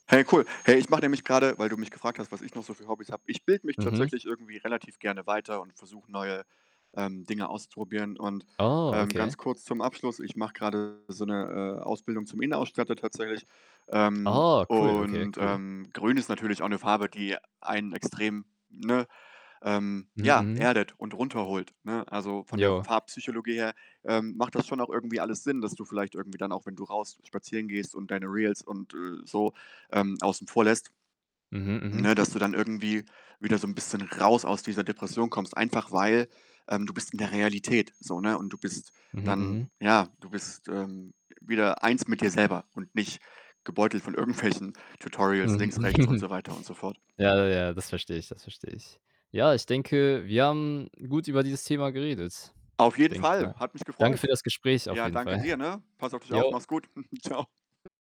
Hey cool. Hey, ich mache nämlich grade weil du mich gefragt hast, was ich noch so für Hobbys habe. Ich bilde mich Mhm. tatsächlich irgendwie relativ gerne weiter und versuche neue, ähm, Dinge auszuprobieren und, Oh, ähm, okay. ganz kurz zum Abschluss: ich mache grade so 'ne, äh, Ausbildung zum Innenausstatter tatsächlich. Ähm, Oh, cool. Okay, und, cool. ähm, grün ist natürlich auch 'ne Farbe, die einen extrem, ne, ähm, Mhm ja, mhm. erdet und runterholt, ne? Also von der Jo. Farbpsychologie her, ähm, macht das schon auch irgendwie alles Sinn, dass du vielleicht irgendwie dann auch wenn du raus spazieren gehst und deine Reels und, äh, so, ähm, außen vor lässt, Mhm, ne, mhm. dass du dann irgendwie wieder so 'n bisschen raus aus dieser Depression kommst, einfach weil, ähm du bist in der Realität so, ne, und du bist Mhm, dann mhm. ja, du bist, ähm, wieder eins mit dir selber und nicht gebeutelt von irgendwelchen Tutorials Mhm. links, rechts und so weiter und so fort. Ja, ja, das verstehe ich, das verstehe ich. Ja, ich denke, wir haben gut über dieses Thema geredet, Auf jeden denke ich Fall. mal. Hat mich Danke für gefreut. das Gespräch auf Ja, jeden danke Fall. dir, ne? Pass auf dich auf. Jo. Mach's gut. Tschau.